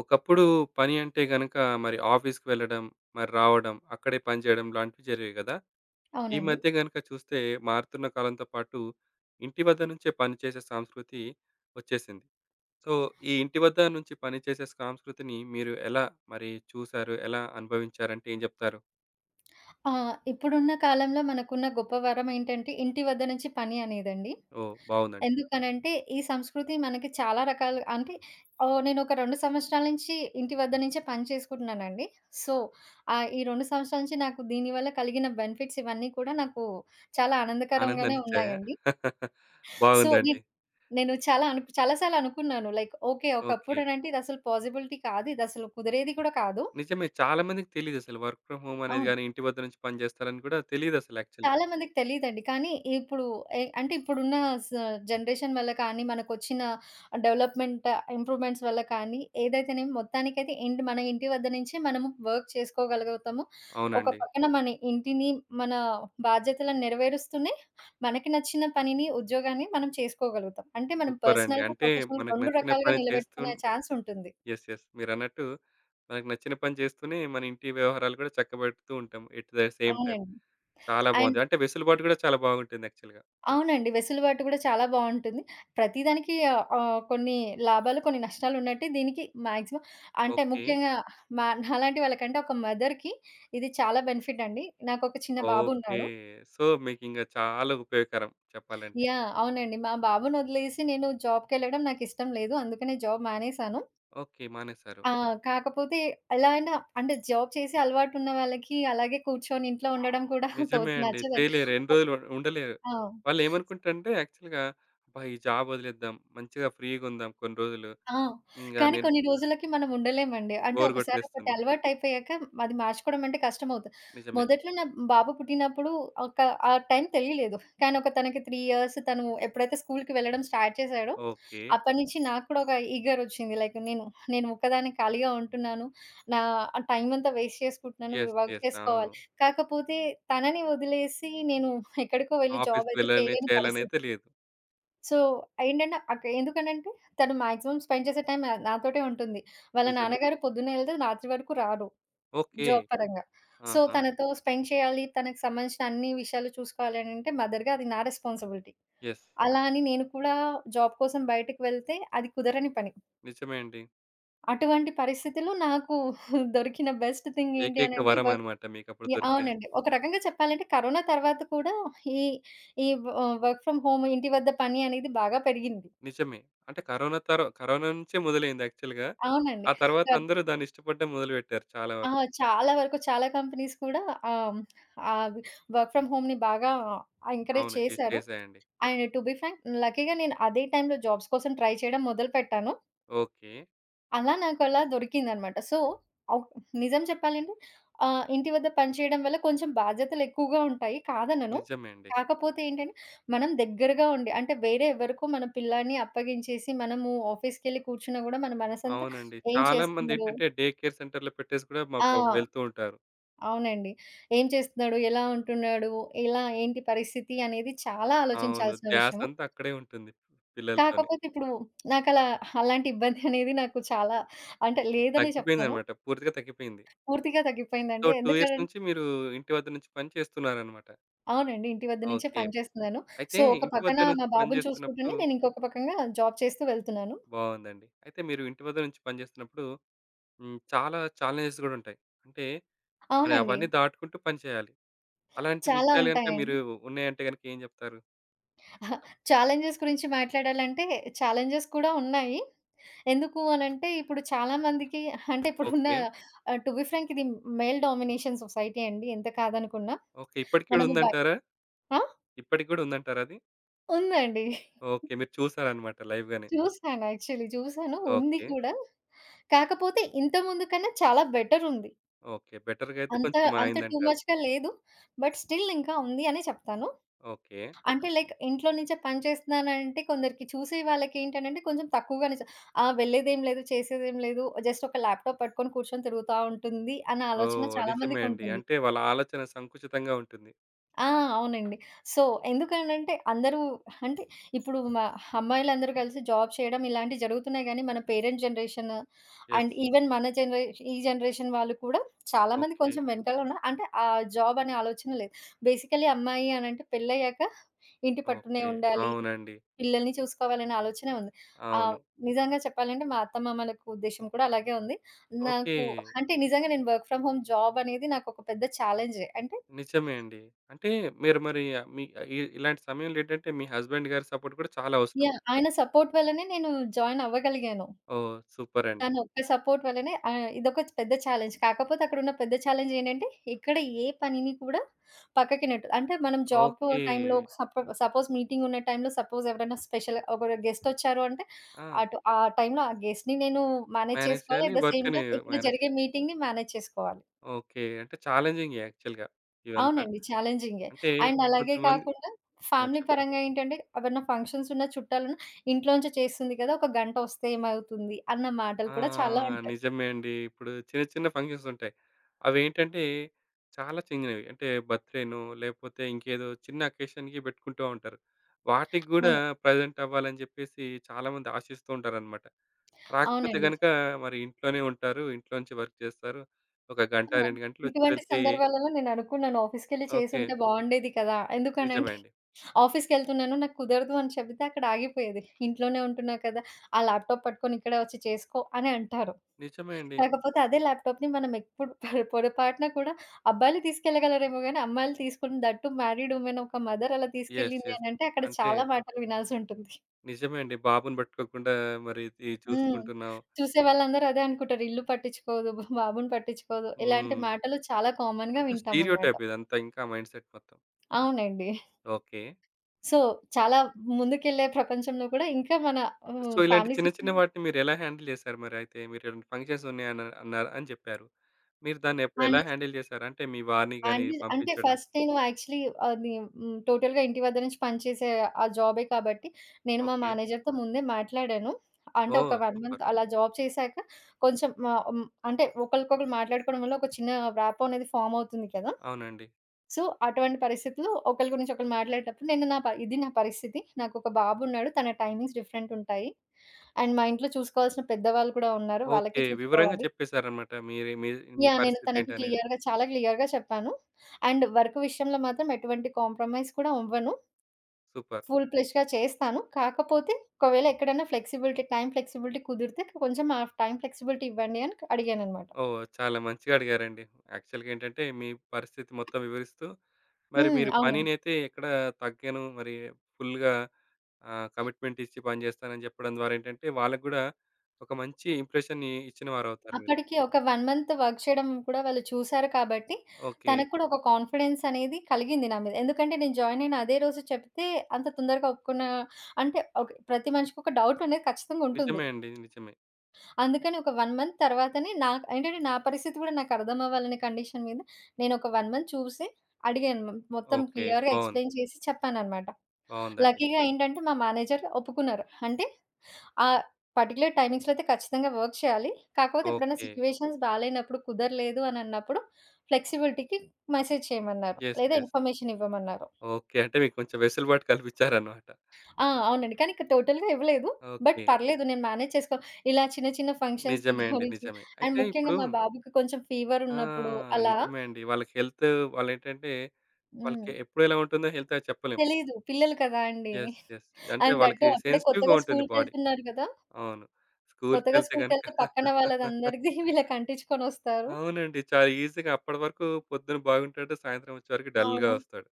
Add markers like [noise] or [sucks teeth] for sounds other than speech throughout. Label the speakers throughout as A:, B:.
A: ఒకప్పుడు పని అంటే గనుక మరి ఆఫీస్‌కి వెళ్ళడం, మరి రావడం, అక్కడే పనిచేయడం ఇలాంటివి జరిగేవి గదా! ఈ
B: అవునండి.
A: మధ్య గనక చూస్తే, మారుతున్న కాలంతో పాటు ఇంటి వద్ద నుంచే పనిచేసే సంస్కృతి వచ్చేసింది. సో, ఈ ఇంటి వద్ద నుంచి పనిచేసే సంస్కృతిని మీరు ఎలా మరి చూసారు? ఎలా అనుభవించారంటే ఏం చెప్తారు?
B: ఆ! ఇప్పుడున్న కాలంలో మనకున్న గొప్ప వరం ఏంటంటే ఇంటి వద్ద నుంచి పని అనేదండి.
A: ఓహ్! బావుందండి.
B: ఎందుకనంటే ఈ సంస్కృతి మనకి చాలా రకాలు అంటే ఓ నేనొక 2 సంవత్సరాల నుంచి ఇంటి వద్ద నుంచే పని చేసుకుంటున్నానండి. సో, ఆహ్, ఈ 2 సంవత్సరాల నుంచి నాకు దీని వల్ల కలిగిన బెనిఫిట్స్ ఇవన్నీ కూడా నాకు చాలా ఆనందకరంగానే
A: ఆనందాన్నిచ్చాయా?
B: ఉన్నాయండి.
A: [chuckles]
B: సో,
A: బావుందండి.
B: ఇప్ నేను చాలా అను చాలా సార్లు అనుకున్నాను. Like okay.
A: ఓకే.
B: ఒకప్పుడనంటే ఇదసలు పాజిబిలిటీ కాదు, ఇదసలు కుదిరేది కూడా కాదు.
A: నిజమే. చాలా మందికి తెలీదసలు. వర్క్ ఫ్రమ్ హోమ్ అనేది
B: అవును.
A: గాని, ఇంటి వద్ద నుంచి పనిజేస్తారని గూడా తెలీదసలు యాక్చువల్‌గా.
B: చాలా మందికి తెలీదండి. కానీ ఇప్పుడు ఎ అంటే ఇప్పుడున్న స జనరేషన్ వల్ల కానీ, మనకొచ్చిన డెవలప్‌మెంట్, ఇంప్రూవ్‌మెంట్స్ వల్ల కానీ, ఏదైతేనేమి మొత్తానికైతే ఇంటి, మన ఇంటి వద్ద నుంచే మనము వర్క్ చేసుకోగలుగుతాము. ఒక
A: అవునండి.
B: పక్కన మన ఇంటిని, మన బాధ్యతలను నెరవేరుస్తూనే మనకి నచ్చిన పనిని, ఉద్యోగాన్ని మనం చేసుకోగలుగుతాం. అంటే మనం
A: సూపరండి.
B: పర్సనల్‌గా,
A: అంటే
B: ప్రొఫెషనల్‌గా
A: మనకు
B: 2
A: నచ్చిన
B: రకాలుగా
A: పని
B: నిలబెట్టుకునే
A: చేస్తూను
B: ఛాన్స్ ఉంటుంది.
A: యెస్. యెస్ మీరన్నట్టు మనకు నచ్చిన పని జేస్తూనే, మన ఇంటి వ్యవహారాలు కూడా చక్కబెడుతూ ఉంటాం. ఎట్ థ సేమ్ టైమ్
B: అవునండి.
A: చాలా
B: అండ్
A: బావుంది. అంటే వెసులుబాటు కూడా చాలా బాగుంటుంది యాక్చువల్‌గా.
B: అవునండి. వెసులుబాటు కూడా చాలా బావుంటుంది. ప్రతిదానికి ఆహ్, ఆహ్, కొన్ని లాభాలు కొన్ని నష్టాలున్నట్టే దీనికి మాక్సిమం అంటే
A: ఓకే.
B: ముఖ్యంగా మ నాలాంటి వాళ్ళకంటే ఒక మదర్‌కి ఇది చాలా బెనిఫిట్ అండి. నాకొక చిన్న
A: ఓకే.
B: బాబున్నాడు.
A: సో, మీకింకా చాలా ఉపయోగకరం చెప్పాలంటే.
B: యాహ్! అవునండి. మా బాబునొదిలేసి నేను జాబ్‌కెళ్ళడం నాకిష్టం లేదు. అందుకనే జాబ్ మానేసాను.
A: ఓకే. మానేశారు.
B: ఆ! కాకపోతే ఎలా అయినా అంటే జాబ్ చేసే అలవాటున్న వాళ్ళకి, అలాగే కూర్చొని ఇంట్లో ఉండడం కూడా తో
A: నిజమే అండి.
B: నచ్చదండి.
A: చేయలేరు ఎన్ని రోజులు ఉండలేరు.
B: ఆ!
A: వాళ్ళేమనుకుంటారంటే యాక్చువల్‌గా, "అబ్బా! ఈ జాబ్ వదిలేద్దాం. మంచిగా ఫ్రీగుందాం కొన్ని రోజులు"
B: ఆ!
A: హ్మ్.
B: కానీ
A: గనిన్
B: కొన్ని రోజులకి మనముండలేమండి. అంటే
A: బోరు
B: ఒకసారి
A: గొట్టేస్తుంది.
B: ఒకటలవాటయిపోయాక అది మార్చుకోవడం అంటే కష్టమౌతది.
A: నిజమే.
B: మొదట్లో నా బాబు పుట్టినప్పుడు ఒక ఆ టైం తెలీలేదు. కానీ, ఒక తనకి ఇయర్స్ తను ఎప్పుడైతే స్కూలుకి వెళ్లడం స్టార్ట్ చేసాడో
A: ఓకే.
B: అప్పటి నుంచి నాకు కూడా ఒక ఈగరొచ్చింది. లైక్ నేను, నేను ఒక్కదాన్ని ఖాళీగా ఉంటున్నాను, నా టైమంతా వేస్ట్ చేసుకుంటున్నాను. వి
A: యెస్.
B: Work
A: yes. అవును.
B: చేసుకోవాలి. కాకపోతే తనని వదిలేసి, నేను ఎక్కడికో వెళ్లి
A: ఆఫీస్‌కి
B: జాబయితే
A: వెళ్ళాలి,
B: చేయలేని పరిస్థితి.
A: చేయాలనయితే లేదు.
B: సో, ఏండంటే అక్కడ ఎందుకనంటే తను మ్యాక్సిమమ్ స్పెండ్ చేసే టైమే నాతోటే ఉంటుంది. వాళ్ళ
A: నిజమే.
B: నాన్నగారు పొద్దునెళ్తే రాత్రి వరకు రారు.
A: ఓకే.
B: జాబ్ పరంగా. సో,
A: ఆహా!
B: తనతో స్పెండ్ చేయాలి. తనకు సంబంధించిన అన్ని విషయాలు చూసుకోవాలి అననంటే మదర్‌గా అది నా రెస్పాన్సిబిలిటీ.
A: యెస్.
B: అలా అని నేను కూడా జాబ్ కోసం బయటకి వెళ్తే అది కుదరని పని.
A: నిజమే అండి.
B: అటువంటి పరిస్థితిలో నాకు [chuckles] దొరికిన బెస్ట్ థింగ్ ఏంటి
A: ఏకైక
B: అనంటే!
A: వరం
B: వర్క్
A: అనమాట మీకప్పుడు
B: యాహ్!
A: దొరికిన
B: అవునండి. ఒక రకంగా చెప్పాలంటే కరోనా తర్వాత కూడా, ఈ ఈ వ ఆ! వర్క్ ఫ్రమ్ హోమ్ ఇంటి వద్ద పని అనేది బాగా పెరిగింది.
A: నిజమే. అంటే, కరోనా తరో కరోనా నుంచే మొదలయింది యాక్చువల్‌గా.
B: అవునండి.
A: ఆ తర్వాత
B: కరెక్ట్.
A: అందరూ దాన్ని ఇష్టపడ్డం మొదలుపెట్టారు. చాలా
B: ఆ!
A: వరకు.
B: చాలా వరకు, చాలా కంపెనీస్ కూడా [sucks teeth] హ్మ్. ఆవి వర్క్ ఫ్రమ్ హోమ్‌ని బాగా ఆ! ఎంకరేజ్
A: అవును.
B: చేశారు..
A: ఇచ్చేశాయండి.
B: [sucks teeth] అండ్ టు బీ ఫ్రాంక్ హ్మ్. లక్కీ‌గా నేను అదే టైంలో జాబ్స్ కోసం ట్రై చేయడం మొదలు పెట్టాను.
A: ఓకే.
B: అలా నాకలా దొరికిందనమాట. సో, ఆ! నిజం చెప్పాలంటే ఆహ్, ఇంటి వద్ద పని చేయడం వల్ల కొంచెం బాధ్యతలు ఎక్కువగా ఉంటాయి కాదనను.
A: నిజమే అండి.
B: కాకపోతే ఏంటంటే మనం దగ్గరగా ఉండి అంటే వేరే ఎవ్వరికో మన పిల్లాడిని అప్పగించేసి, మనము ఆఫీస్‌‌కెళ్లి కూర్చున్నా గూడా మన మనసంతా
A: అవునండి.
B: ఏం
A: చాలా
B: చేస్తున్నాడో
A: మందేంటంటే డే కేర్ సెంటర్‌లో పెట్టేసి గూడా మా
B: ఆ!
A: పాపం వెళ్తూ ఉంటారు.
B: అవునండి. ఏం చేస్తున్నాడు? ఎలా ఉంటున్నాడు? ఎలా? ఏంటి పరిస్థితి? అనేది చాలా
A: అవును.
B: ఆలోచించాల్సిన విషయము.
A: ధ్యాసంతా అక్కడే ఉంటుంది పిల్లలతోని.
B: కాకపోతే, ఇప్పుడు [smacks lips] నాకలా అలాంటి ఇబ్బందనేది [giggles] నాకు చాలా అంటే, లేదనే చెప్తాను.
A: తగ్గిపోయిందనమాట. పూర్తిగా తగ్గిపోయింది.
B: పూర్తిగా
A: సో,
B: తగ్గిపోయిందండి.
A: 2 ఇయర్స్
B: ఎందుకనం
A: నుంచి మీరు ఇంటి వద్ద నుంచి పని చేస్తున్నారనమాట.
B: అవునండి. ఇంటి వద్ద నుంచే
A: ఓకే.
B: పని చేస్తున్నాను.
A: అయితే
B: సో, ఒక
A: ఇంటి
B: పక్కన
A: వద్ద నుంచి
B: మా బాబుని
A: పనిచేస్తున్నప్పుడు
B: చూసుకుంటనే నేను ఇంకొక పక్కంగా జాబ్ చేస్తూ వెళ్తున్నాను.
A: బావుందండి. అయితే మీరు ఇంటి వద్ద నుంచి పనిచేస్తున్నప్పుడు హ్మ్, చాలా చాలెంజెస్ గూడా ఉంటాయి. అంటే, మరి
B: అవునండి.
A: అవన్నీ దాటుకుంటూ పనిచేయాలి. అలాంటి
B: చాలా
A: విషయాలు గనక మీరు
B: ఉంటాయండి.
A: ఉన్నాయంటే గనక ఏం జెప్తారు?
B: అహా! చాలెం‌జెస్ గురించి మాట్లాడాలంటే చాలెంజెస్ కూడా ఉన్నాయి. ఎందుకు అనంటే ఇప్పుడు చాలా మందికి అహా! అంటే ఇప్పుడున్న
A: ఓకే.
B: టు బి ఫ్రాంక్ ఇది మేల్ డామినేషన్ సొసైటీ అండి ఎంత కాదనుకున్న.
A: ఓకే. ఇప్పడికి గూడ
B: మనము భ
A: ఉందంటారా?
B: ఆ?
A: ఇప్పటికి కూడా ఉందంటారా అది?
B: ఉందండి. [chuckles]
A: ఓకే. మీరు చూసారన్నమాట లైవ్‌గానే.
B: చూసాను. యాక్చువలీ చూసాను, ఉంది
A: ఓకే.
B: కూడా. కాకపోతే ఇంతకు ముందు కన్నా చాలా బెటరుంది.
A: ఓకే. బెటర్‌గా అయితే
B: అంత
A: కొంచెం
B: అంత టూ
A: మారిందంటారు.
B: మచ్‌గా లేదు. బట్ స్టిల్ ఇంకా ఉంది అనే చెప్తాను.
A: ఓకే.
B: అంటే, లైక్ ఇంట్లో నుంచే పని చేస్తున్నానంటే కొందరికి చూసే వాళ్ళకి ఏంటనంటే కొంచెం తక్కువగానే చూస "ఆ వెళ్ళలేదేమి లేదు చేసేది ఏమి లేదు జస్ట్ ఒక ల్యాప్‌టాప్ పట్టుకొని కూర్చొని తిరుగుతా ఉంటుంది." అన్న ఆలోచన
A: ఓహ్!
B: చాలా
A: నిజమే అండి.
B: మందికుంటుంది.
A: అంటే వాళ్ళ ఆలోచన సంకుచితంగా ఉంటుంది.
B: ఆ! అవునండి. సో, ఎందునంటే అందరూ అంటే ఇప్పుడు మా అమ్మాయిలందరూ కలిసి జాబ్ చేయడం ఇలాంటివి జరుగుతున్నాయి, గాని మన parent generation
A: yes.
B: And even మన జనరే ఈ జనరేషన్ వాళ్ళు కూడా చాలా మంది
A: ఓకే.
B: కొంచెం వెనకాలున్న అంటే ఆ జాబ్ అనే ఆలోచనలే. బేసికల్లీ అమ్మాయి అనంటే పెళ్లయ్యాక ఇంటిపట్టునే
A: ఓకే.
B: ఉండాలి,
A: అవునండి.
B: పిల్లల్ని చూసుకోవాలనే ఆలోచనే ఉంది. ఆహ్,
A: అవును.
B: నిజంగా చెప్పాలంటే మా అత్తమామల యొక్క ఉద్దేశ్యం కూడా అలాగే ఉంది. నాకు
A: ఓకే.
B: అంటే నిజంగా నేను వర్క్ ఫ్రమ్ హోమ్ జాబనేది నాకు ఒక పెద్ద ఛాలెంజే. అంటే
A: నిజమే అండి. అంటే మీరు మరి ఆహ్, మి ఇ ఇలాంటి సమయంలో ఏంటంటే మీ హస్బండ్ గారి సపోర్ట్ కూడా చాలా అవసరం.
B: యాహ్! ఆయన సపోర్ట్ వల్లనే నేను జాయిన్ అవ్వగలిగాను.
A: ఓహ్! సూపరండి.
B: తను ఒక్క సపోర్ట్ వల్లనే ఆహ్, ఇదొక పెద్ద చాలెంజ్. కాకపోతే అక్కడున్న పెద్ద చాలెంజ్ ఏంటంటే, ఇక్కడ ఏ పనిని కూడా పక్కకినెట్ అంటే మనం జాబు
A: ఓకే.
B: టైంలో సపొ సపోజ్ మీటింగ్ ఉన్న టైంలో సపోజ్ ఎవరైనా స్పెషలు ఒకళ్ళు గెస్టొచ్చారు అంటే
A: ఆ!
B: అటు ఆ టైంలో ఆ గెస్ట్‌ని నేను మేనేజ్
A: మేనేజ్
B: చేసుకోవాలి,
A: చేయాలి.
B: ఎట్ ది సేమ్
A: వర్క్‌ని
B: టైమ్ ఇక్కడ
A: మేనేజ్ చే
B: జరిగే మీటింగ్‌ని మేనేజ్ చేసుకోవాలి.
A: ఓకే. అంటే చాలెంజింగే యాక్చువల్‌గా ఇదంతా.
B: అవునండి. చాలెంజింగే.
A: అంటే
B: అండ్
A: కొంత
B: అలాగే
A: మంది
B: కాకుండా,
A: యాహ్!
B: ఫ్యామిలీ
A: చెప్పండి.
B: పరంగా ఏంటంటే ఎవరన్నా ఫంక్షన్స్ ఉన్న, చుట్టాలన్నా, "ఇంట్లో నుంచే చేస్తుంది కదా! ఒక గంటొస్తే ఏమవుతుంది" అన్న మాటలు
A: ఆ!
B: కూడా చాలా ఉంటాయి.
A: నిజమే అండి. ఇప్పుడు చిన్న, చిన్న ఫంక్షన్స్ ఉంటాయి. అవేంటంటే చాలా చిన్నవి. అంటే బర్త్‌డేనో లేకపోతే ఇంకేదో చిన్న అకేషన్‌కి పెట్టుకుంటా ఉంటారు. వాటికి గూడా
B: అవును.
A: ప్రెజెంట్ అవ్వాలని జెప్పేసి చాలామంది ఆశిస్తూ ఉంటారనమాట. రాకపోతే
B: అవునండి.
A: గనక మరి ఇంట్లోనే ఉంటారు. ఇంట్లో నుంచి వర్క్ జేస్తారు. ఒక
B: ఆ!
A: గంట, 2 గంటలొచ్చి
B: ఇటువంటి
A: వెళ్తే
B: సందర్భాలలో నేననుకున్నాను ఆఫీస్‌కెళ్లి
A: ఓకే.
B: చేసుంటే బావుండేది కదా!
A: నిజమే
B: ఎందుకనంటే
A: అండి.
B: ఆఫీస్‌కెళ్తున్నాను నాకు కుదరదు అని చెబితే అక్కడ ఆగిపోయేది. "ఇంట్లోనే ఉంటున్నావు కదా! ఆ ల్యాప్‌టాప్ పట్టుకొని ఇక్కడే ఒచ్చి చేసుకో" అని అంటారు.
A: నిజమే అండి.
B: కాకపోతే అదే ల్యాప్‌టాప్‌ని మనం ఎప్పుడు పొర పొరపాటున కూడా అబ్బాయిలు తీసుకెళ్లగలరేమో గాని అమ్మాయిలు తీసుకొని దట్ టూ మ్యారీడ్ వుమెన్ ఒక మదర్ అలా
A: యెస్.
B: తీసుకెళ్లింది
A: యెస్.
B: అనంటే అక్కడ
A: అంటే
B: చాలా మాటలు వినాల్సుంటుంది.
A: నిజమే అండి. బాబుని పట్టుకోకుండా మరి ఇద్ ఇది
B: హ్మ్.
A: చూసుకుంటున్నాం.
B: చూసే వాళ్ళందరూ అదే అనుకుంటారు. ఇల్లు పట్టించుకోదు, బాబుని పట్టించుకోదు. ఇలాంటి
A: హ్మ్.
B: మాటలు చాలా కామన్‌గా
A: అంత
B: వింటామన్నమాట.
A: స్టీరియోటైప్ ఇదంతా, ఇంకా మైండ్‌సెట్ మొత్తం.
B: అవునండి.
A: ఓకే.
B: సో, చాలా ముందుకెళ్ళే ప్రపంచంలో కూడా, ఇంకా మన
A: సో,
B: ఆహ్,
A: ఇలాంటి
B: ఫ్యామిలీస్
A: చిన్న, చిన్న
B: ఇట్లున్నాయి.
A: వాటిని మీరు ఎలా హ్యాండిల్ చేసారు మరైతే? మీరింలాటి ఫంక్షన్సున్నాయి అన్ అన్నారు అని చెప్పారు. మీరు దాన్ని ఎప్పుడెలా
B: అనేసి
A: హ్యాండిల్ చేసారు? అంటే మీ వారిని గాని
B: అనిపిజ్ అంటే
A: పంపించడం?
B: ఫస్ట్ నేను యాక్చువల్లీ అది హ్మ్, హ్మ్, టోటల్‌గా ఇంటి వద్ద నుంచి పనిచేసే ఆ జాబే కాబట్టి, నేను మా
A: ఓకే.
B: మేనేజర్‌తో ముందే మాట్లాడాను. అంటే ఒక
A: ఓహ్!
B: 1
A: సూపర్.
B: మంత్ అలా జాబ్ చేసాక, కొంచెం ఆహ్, హ్మ్. అంటే ఒకరికొకళ్ళు మాట్లాడుకోవడం వల్ల, ఒక చిన్న రాపో అనేది ఫార్మ్ అవుతుంది కదా!
A: అవునండి.
B: సో, అటువంటి పరిస్థితులు ఒకళ్ళ గురించి ఒకళ్ళు మాట్లాడేటప్పుడు, నేను నా ప ఇది నా పరిస్థితి నాకు ఒక బాబున్నాడు, తన టైమింగ్స్ డిఫరెంటుంటాయి. అండ్ మా ఇంట్లో చూసుకోవాల్సిన పెద్దవాళ్ళు కూడా ఉన్నారు, వాళ్ళకి
A: ఓకే. వివరంగా
B: చూసుకోవాలి.
A: చెప్పేసారన్నమాట. మీరు మీ మీ
B: యాహ్! నేను తనకి
A: పరిస్థితేంటనేది.
B: క్లియర్‌గా, చాలా క్లియర్‌గా చెప్పాను. అండ్ వర్కు విషయంలో మాత్రం ఎటువంటి కాంప్రమైజ్ కూడా అవ్వను
A: సూపర్.
B: ఫుల్ ప్లెజ్డ్‌గా చేస్తాను, కాకపోతే, ఒకవేళ ఎక్కడైనా ఫ్లెక్సిబిలిటీ, టైమ్ ఫ్లెక్సిబిలిటీ కుదిరితే కొంచెం టైమ్ ఫ్లెక్సిబిలిటీ ఇవ్వండి. అని క్ అడిగానన్నమాట.
A: ఓహ్! చాలా మంచిగా అడిగారండి. యాక్చువల్‌గా ఏంటంటే, మీ పరిస్థితి మొత్తం వివరిస్తూ, మరి
B: హ్మ్.
A: మీరు
B: అవును.
A: పనినైతే ఎక్కడ తగ్గను. మరి ఫుల్లుగా ఆహ్, కమిట్మెంటిచ్చి పని చేస్తానని చెప్పడం ద్వారా ఏంటంటే, వాళ్ళకి గూడా ఒక మంచి ఇంప్రెషన్‌ని ఇచ్చిన వారవుతారు మీరు.
B: అప్పటికి, ఒక 1 మంత్ వర్క్ చేయడం కూడా వాళ్ళు చూసారు కాబట్టి,
A: ఓకే.
B: తనకి కూడా ఒక కాన్ఫిడెన్సనేది కలిగింది నా మీద. ఎందుకంటే నేను జాయినయిన అదే రోజు చెప్తే, అంత తొందరగా ఒప్పుకున్న అంటే ఒక్ ప్రతి మనిషికి ఒక డౌటనేది ఖచ్చితంగా ఉంటుంది.
A: నిజమే అండి. నిజమే.
B: అందుకని ఒక 1 మంత్ తరువాతనే నాక్ ఏంటంటే నా పరిస్థితి కూడా నాకర్థమవ్వాలనే కండిషన్ మీద నేనొక 1 మంత్ చూసి అడిగాను మం మొత్తం
A: ఓకే.
B: క్లియర్‌గా
A: బావుంది.
B: ఎక్స్‌ప్లెయి‌న్ చేసి చెప్పాననమాట.
A: బావుందండి.
B: లక్కీ‌గా ఏంటంటే మా మేనేజర్ ఒప్పుకున్నారు. అంటే, ఆహ్, పర్టిక్యులర్ టైమింగ్స్‌లో అయితే ఖచ్చితంగా వర్క్ చేయాలి కాకపోతే, ఎప్పుడైనా
A: ఓకే.
B: సిచ్యువేషన్స్ బాలేనప్పుడు, కుదరలేదు అనన్నప్పుడు, ఫ్లెక్సిబిలిటీ‌కి మెసేజ్ చేయమన్నారు
A: యెస్.
B: లేదా,
A: యెస్.
B: ఇన్ఫర్మేషన్ ఇవ్వమన్నారు.
A: ఓకే. అంటే, మీకు కొంచెం వెసులుబాటు కల్పిచ్చారనమాట.
B: ఆ! అవునండి. కానీ, ఇక్కడ టోటల్‌గా ఇవ్వలేదు. But,
A: okay.
B: పర్లేదు. నేను మేనేజ్ చేసుకో ఇలా చిన్న, చిన్న ఫంక్షన్స్‌కి
A: నిజమే అండి.
B: గురించి
A: నిజమే.
B: అండ్
A: అయితే
B: ముఖ్యంగా
A: ఇప్పుడు
B: మా బాబుకి కొంచెం
A: ఆ!
B: ఫీవరున్నప్పుడు అలా.
A: నిజమే అండి. వాళ్ళకి హెల్తు వాళ్ళేంటంటే వాళ్ళకి
B: హ్మ్.
A: ఎప్పుడెలా ఉంటుందో హెల్త్ అది చెప్పలేం.
B: తెలీదు. పిల్లలు కదా అండి.
A: యెస్. యెస్. అంటే,
B: అండ్ థట్ టు
A: వాళ్ళకి
B: అప్పుడే
A: సెన్సిటివ్‌గా
B: కొత్తగా
A: ఉంటుంది బాడీ.
B: స్కూలుకెళ్తున్నారు గదా!
A: అవును.
B: కొత్తగా
A: స్కూలుకెళ్తే గనుక
B: స్కూలుకెళ్తే పక్కన
A: [laughs]
B: వాళ్ళదందరిది [giggles] వీళ్ళకంటిచ్చుకొనొస్తారు.
A: అవునండి. చాలా ఈజీగా అప్పడి వరకు పొద్దున బాగుంటాడు, సాయంత్రం వచ్చే వరకి డల్‌గా
B: అవును.
A: వస్తాడు.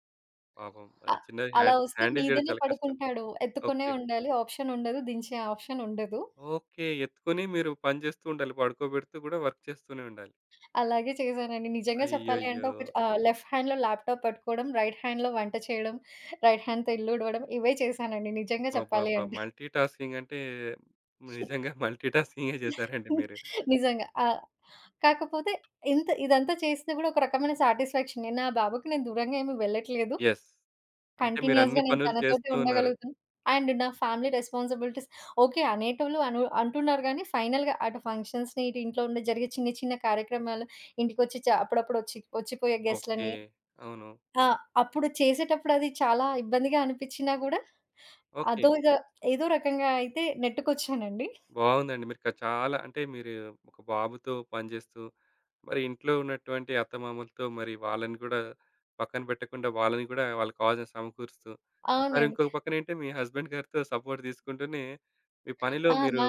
A: పాపం ఆ
B: ఆ!
A: చిన్నారి
B: అలా
A: హ్యాన్
B: ఒస్తే
A: హ్యాండిల్ జేయడం
B: మీదనే
A: చాలా కష్టం.
B: పడుకుంటాడు. ఎత్తుకొనే
A: ఓకే.
B: ఉండాలి. ఆప్షనుండదు. దించే ఆప్షనుండదు.
A: ఓకే. ఎత్తుకొని మీరు పని జేస్తూ ఉండాలి. పడుకోబెడుతూ గూడా వర్క్ చేస్తూనే ఉండాలి.
B: అలాగే చేశానండి. నిజంగా చెప్పాలి అంటే
A: అయ్యయ్యో!
B: ఒకటి ఆ లెఫ్ట్ హ్యాండ్‌లో ల్యాప్‌టాప్ పట్టుకోవడం, రైట్ హ్యాండ్‌లో వంట చేయడం, రైట్ హ్యాండ్‌తో ఇల్లు ఊడవడం ఇవే చేశానండి నిజంగా చెప్పాలి
A: అబ్బాబ్బాబ్బా!
B: అంటే.
A: మల్టీ టాస్కింగ్ అంటే, నిజంగా మల్టీ టాస్కింగే
B: హ్మ్.
A: జేశారండి
B: [chuckles]
A: మీరు.
B: నిజంగా. ఆ! కాకపోతే ఇంత ఇదంతా చేస్తే గూడా ఒక రకమైన సాటిస్‌ఫాక్షనే. నా బాబుకి నేను దూరంగా ఏమి వెళ్ళట్లేదు,
A: యెస్. అంటే,
B: కంటిన్యూయస్‌గా
A: మీరన్ని
B: నేను
A: పనులు
B: తనతోటే
A: చేస్తూ ఉన్నారు.
B: ఉండగలుగుతాను. అండ్ నా ఫ్యామిలీ రెస్పాన్సిబిలిటీస్ ఓకే. అనేటోళ్ళు అను అంటున్నారు గాని ఫైనల్‌గా అటు ఫంక్షన్స్‌ని, ఇటు ఇంట్లో ఉండే జరిగే చిన్న చిన్న కార్యక్రమాలు, ఇంటికొచ్చి చా అప్పుడప్పుడొచ్చి ఒచ్చిపోయే
A: ఓకే.
B: గెస్ట్‌లని,
A: అవును.
B: ఆ! అప్పుడు చేసేటప్పుడది చాలా ఇబ్బందిగా అనిపిచ్చినా గూడా
A: ఓకే.
B: అదోగా ఏదో రకంగా అయితే నెట్టుకొచ్చానండి.
A: బావుందండి. మీరిక చాలా అంటే, మీరు ఒక బాబుతో పనిజేస్తూ, మరి ఇంట్లో ఉన్నటువంటి అత్తమామలతో మరి వాళ్ళని గూడా పక్కన బెట్టకుండా వాళ్ళని గూడా వాళ్ళకి కావాల్సినయి సమకూరుస్తూ, మరి
B: అవునండి.
A: ఇంకొక పక్కనేంటే మీ హస్బెండ్ గారితో సపోర్ట్ దీసుకుంటూనే మీ పనిలో
B: ఆ! న
A: మీరు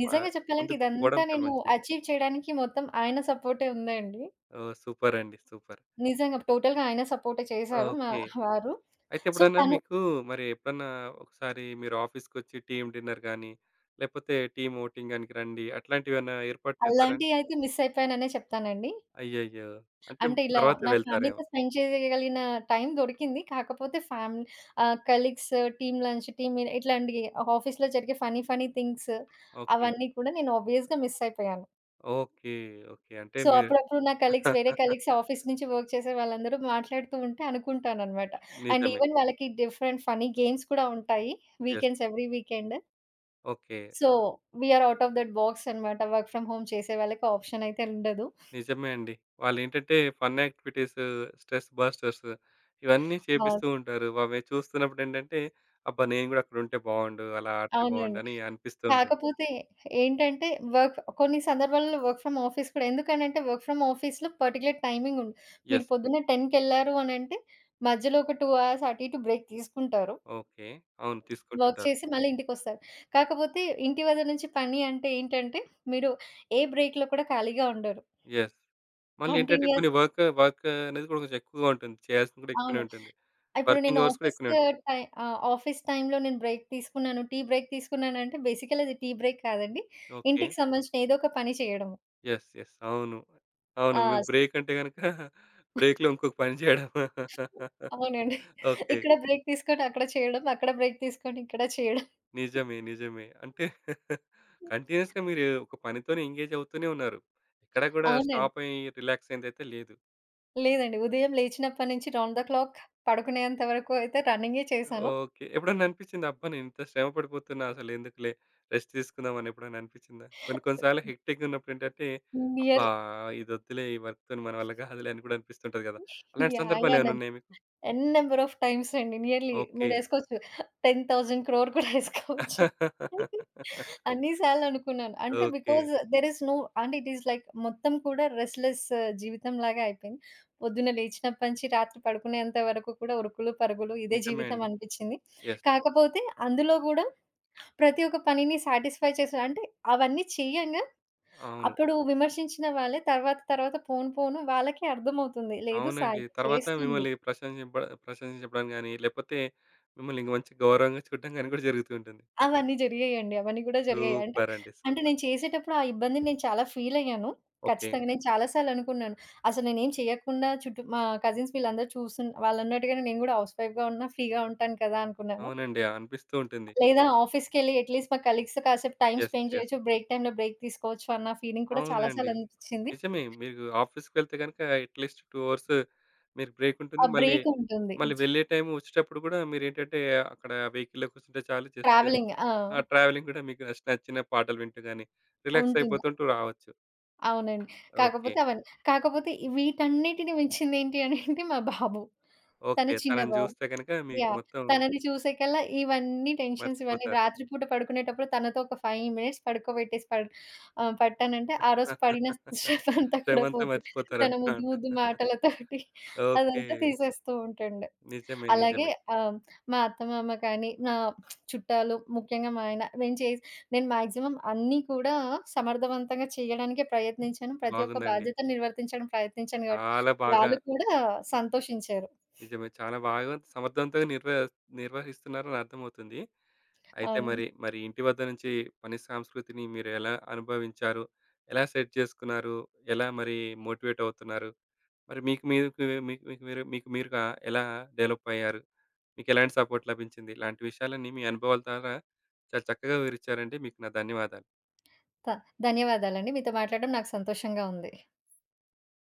B: నిజంగా
A: ఆహ్,
B: చెప్పాలంటే
A: ముందుకు పోవడం
B: ఇదంతా
A: చాలా
B: నేను
A: మంచిది.
B: అచీవ్ చేయడానికి మొత్తం ఆయన సపోర్టే ఉందండి.
A: ఓహ్! సూపరండి. సూపర్!
B: నిజంగా. టోటల్‌గా ఆయన సపోర్టే చేశారు మా
A: ఓకే.
B: హ! వారు.
A: అయితే,
B: సో,
A: ఎప్పుడన్నా
B: తను
A: మీకు మరి ఎప్పుడన్నా ఒకసారి మీరు ఆఫీస్‌కొచ్చి టీమ్ డిన్నర్ గాని, లేకపోతే టీమ్ అవుటింగ్ గానికి రండి అట్లాంటివేవన్నా ఏర్పాటు చేశారాండి?
B: అలాంటియి అయితే మిస్సయిపోయాననే చెప్తానండి.
A: అయ్యయ్యో! అంటే,
B: అంటే, ఇలా
A: తరువాత
B: నా
A: వెళ్తారేమో.
B: ఫ్యామిలీ‌తో స్పెండ్ చేయగలిగిన టైం దొరికింది. కాకపోతే ఫ్యామ్ ah, colleagues, team lunch, team meet ఇట్లాంటియి ఆఫీస్‌లో జరిగే ఫన్నీ ఫన్నీ థింగ్స్
A: ఓకే.
B: అవన్నీ కూడా నేను ఆబ్వియస్‌గా మిస్సయిపోయాను.
A: ఓకే. ఓకే. అంటే
B: సో,
A: మీరు
B: అప్పుడప్పుడు నా కొలీగ్స్, వేరే
A: [laughs]
B: కొలీగ్స్ ఆఫీస్ నుంచి వర్క్ చేసే వాళ్లందరూ మాట్లాడుతూ ఉంటే అనుకుంటానన్నమాట. అండ్
A: నిజమే.
B: ఈవెన్ వాళ్లకి డిఫరెంట్ ఫన్నీ గేమ్స్ కూడా ఉంటాయి.
A: Yes.
B: Weekends, every weekend.
A: Okay.
B: So, we are out of that బాక్సన్నమాట. వర్క్ ఫ్రం హోమ్ చేసే వాళ్లకి ఆప్షన్ అయితే ఉండదు.
A: నిజమే అండి. వాళ్ళేంటంటే ఫన్ యాక్టివిటీసు, స్ట్రెస్ బస్టర్సు ఇవన్నీ
B: ఆ!
A: చేపిస్తూ ఉంటారు. వవి చూస్తున్నప్పుడు ఏంటంటే, అబ్బా! నేను గూడా అక్కడుంటే బావుండు, అలా ఆడితే బావుండు
B: అవునండి.
A: అని అనిపిస్తూ ఉంటుంది.
B: కాకపోతే ఏంటంటే వర్క్ కొన్ని సందర్భాలలో వర్క్ ఫ్రం ఆఫీస్ కూడా, ఎందుకనంటే వర్క్ ఫ్రం ఆఫీస్‌లో పర్టిక్యులర్ టైమింగ్ ఉం మీరు
A: యెస్.
B: పొద్దున్నే 10 కెళ్లారు అనంటే మధ్యలో ఒక 2 అవర్స్ అటు ఇటు బ్రేక్ తీసుకుంటారు.
A: ఓకే. అవును
B: వర్క్
A: తీసుకుంటుంటారు.
B: చేసి మళ్లీ ఇంటికొస్తారు. కాకపోతే ఇంటి వద్ద నుంచి పని అంటే ఏంటంటే, మీరు ఏ బ్రేక్‌లో కూడా ఖాళీగా ఉండరు.
A: యెస్. మళ్లీ ఏంటంటే
B: కంటిన్యూయస్
A: కొన్ని వర్క్, వర్కు అనేది కూడా కొంచెం ఎక్కువగా ఉంటుంది. చేయాల్సింది గూడా ఎక్కువనే
B: అవును.
A: ఉంటుంది.
B: ఇప్పుడు నేను
A: వర్కింగ్ అవర్స్ కూడా ఎక్కువనే
B: ఆఫీసుకు
A: ఉంటాయి.
B: టై ఆ! ఆఫీస్ టైములో నేను బ్రేక్ తీసుకున్నాను. టీ బ్రేక్ తీసుకున్నాను అంటే బేసికల్లీ అది టీ బ్రేక్ కాదండి.
A: ఓకే.
B: ఇంటికి సంబంధించిన ఏదో ఒక పని చేయడము.
A: యెస్. యెస్. అవును. అవును.
B: ఆ!
A: మీకు
B: స్
A: బ్రేకంటే గనుక బ్రేక్‌లో ఇంకొక పని చేయడం. [laughs]
B: అవునండి.
A: ఓకే.
B: ఇక్కడ బ్రేక్ తీసుకొని అక్కడ చేయడం, అక్కడ బ్రేక్ తీసుకొని ఇక్కడ చేయడం.
A: నిజమే. నిజమే. అంటే [chuckles] కంటిన్యూయస్‌గా మీరు ఒక పనితోనే ఎంగేజ్ అవుతూనే ఉన్నారు. ఎక్కడ గూడా
B: అవునండి.
A: స్టాపయ్యి, రిలాక్సయ్యిందయితే లేదు.
B: లేదండి. ఉదయం లేచినప్పటి నుంచి రౌండ్ ద క్లాక్ పడుకునేంత వరకు అయితే రన్నింగే చేశాను.
A: ఓకే. ఎప్పుడన్నా అనిపిచ్చిందా, "అబ్బా! నేను ఇంత శ్రమ పడిపోతున్నా, అసలు ఎందుకులే రెస్ట్ తీసుకుందాం" అనెప్పుడైనా అనిపిచ్చిందా? కొన్ని కొన్ని సార్లు హెక్టిక్‌గా ఉన్నప్పుడు ఏంటంటే, "అబ్బా!
B: నియర్లీ
A: ఇదొద్దులే, ఈ వర్క్‌తోని మన వల్ల కాదులే" [giggles] అని కూడా అనిపిస్తుంటది కదా! అలాంటి
B: యాహ్! యాహ్! న
A: సందర్భాలేమైనా ఉన్నాయా మీకు?
B: ఎన్ నంబర్ ఆఫ్ టైమ్స్ అండి. Nearly
A: okay.
B: మీరేసుకోవచ్చు, 10,000,00,00,000 కూడా యేసుకోవచ్చు.
A: [laughs]
B: అన్ని సార్లనుకున్నాను. అంటే
A: okay.
B: Because there is no and it is like మొత్తం కూడా రెస్ట్‌లెస్ జీవితంలాగా అయిపోయింది. పొద్దున్న లేచినప్పటి నుంచి రాత్రి పడుకునేంత వరకు కూడా ఉరుకులు పరుగులు. ఇదే
A: నిజమే
B: జీవితం
A: అండి.
B: అనిపిచ్చింది.
A: యెస్.
B: కాకపోతే అందులో గూడా ప్రతి ఒక్క పనిని సాటిస్‌ఫై చేసి అంటే అవన్నీ చేయంగా,
A: అవును.
B: అప్పుడు విమర్శించిన వాళ్లే తర్వాత తర్వాత పోను పోను వాళ్లకే అర్థమవుతుంది. లేదు.
A: అవునండి.
B: సాయం
A: తర్వాత
B: చేస్తుంది.
A: మిమ్మల్ని ప్రశ్నజింప ప్రశంస చెప్పడం గాని లేపోతే మిమ్మల్ని ఇంగ మంచి గౌరవంగా చూడడం గాని కూడా జరుగుతూ ఉంటుంది.
B: అవన్నీ జరిగాయండి. అవన్నీ గూడా జరిగాయి. అంటే,
A: సూపరండి,
B: అంటే
A: సూపర్!
B: నేను చేసేటప్పుడు ఆ ఇబ్బందిని నేను చాలా ఫీలయ్యాను.
A: ఓకే.
B: ఖచ్చితంగా నేను చాలా సార్లనుకున్నాను. అసలు నేనేమి చేయకుండా చుట్టూ మా కజిన్స్ వీళ్లందరినీ చూసున్ వాళ్ళున్నట్టుగానే నేను కూడా హౌస్‌వైఫ్‌గా ఉన్నా ఫ్రీగా ఉంటాను కదా అనుకున్నాను.
A: అవునండి. అనిపిస్తూ ఉంటుంది.
B: లేదా ఆఫీస్‌కెళ్ళి అట్ లీస్ట్ మా కలీగ్స్‌తో కాసేపు టైమ్
A: యెస్.
B: Spend
A: yes.
B: జేయొచ్చు. బ్రేక్ టైమ్‌లో బ్రేక్ తీసుకోవచ్చు అన్న ఫీలింగ్ కూడా చాలా
A: అవునండి.
B: సార్లనిపిచ్చింది.
A: నిజమే. మీకు ఆఫీస్‌కి ఎళ్తే గనుక అట్ లీస్ట్ 2 అవర్స్ మీరు
B: ఆ!
A: బ్రేకుంటుంది. మళ్లీ,
B: బ్రేకుంటుంది.
A: మళ్లీ వెళ్లే టైమ్ ఒచ్చేటప్పుడు గూడా మీరేంటంటే, అక్కడ వెహికల్‌లో కూర్చుంటే చాలు, జస్టు
B: ట్రావెలింగ్.
A: ఆ
B: ఆ!
A: ట్రావెలింగ్ గూడా మీకు స్ట్ నచ్చిన పాటలు వింటూ గానీ
B: ఉంటుంది.
A: రిలాక్సయిపోతుంటూ రావచ్చు.
B: అవునండి.
A: ఓకే.
B: కాకపోతే అవన్నీ కాకపోతే వీటన్నిటిని మించింది ఏంటి అని అంటే, మా బాబు. తను
A: ఓకే.
B: చిన్న
A: తనని
B: బాబు.
A: చూస్తే గనుక మీకు
B: యాహ్!
A: మొత్తం
B: తనని చూసేకల్లా ఇవన్నీ టెన్షన్స్ ఇవన్నీ
A: మర్చిపోతారు.
B: రాత్రి పూట పడుకునేటప్పుడు తనతో ఒక 5 మినిట్స్ పడుకోబెట్టేసి పడ్ ఆహ్, పట్టానంటే. ఆరోజు పడిన శ్రమ అంతా
A: శ్రమ
B: కూడా
A: అంతా
B: పోతుంది. తన ముద్దు
A: మర్చిపోతారున్నమాట.
B: ముద్దు మాటలతోటి.
A: ఓకే.
B: అదంతా తీసేస్తూ ఉంటుండు.
A: నిజమే.
B: అలాగే
A: నిజమే.
B: ఆహ్, మా అత్తమామ కానీ. నా [smacks lips] చుట్టాలు. ముఖ్యంగా మా ఆయన. నేను చే నేను మాక్సిమం అన్ని కూడా సమర్ధవంతంగా చేయడానికే ప్రయత్నించాను. ప్రతి ఒక్క
A: బాగుందండి.
B: బాధ్యతలు నిర్వర్తించడానికి ప్రయత్నించాను కాబట్టి.
A: చాలా బాగా
B: వాళ్ళు కూడా సంతోషించారు.
A: నిజమే. చాలా బాగా సమర్థవంతంగా నిర్వ నిర్వహిస్తున్నారని అర్థమవుతుంది. అయితే
B: అవును.
A: మరి మరి ఇంటి వద్ద నుంచి పని సంస్కృతిని మీరు ఎలా అనుభవించారో. ఎలా సెట్ చేసుకున్నారో, ఎలా మరి మోటివేటవుతున్నారు. మరి మీకు మీకు మీకు మీక్ మీరు మీకు మీరుగా ఎలా డెవలపయ్యారు. మీకు ఎలాంటి సపోర్ట్ లభించింది, ఇలాంటి విషయాలన్నీ మీ అనుభవాల ద్వారా చాలా చక్కగా వివరించారండి. మీకు నా ధన్యవాదాలు.
B: త ధన్యవాదాలు అండి. మీతో మాట్లాడడం నాకు సంతోషంగా ఉంది.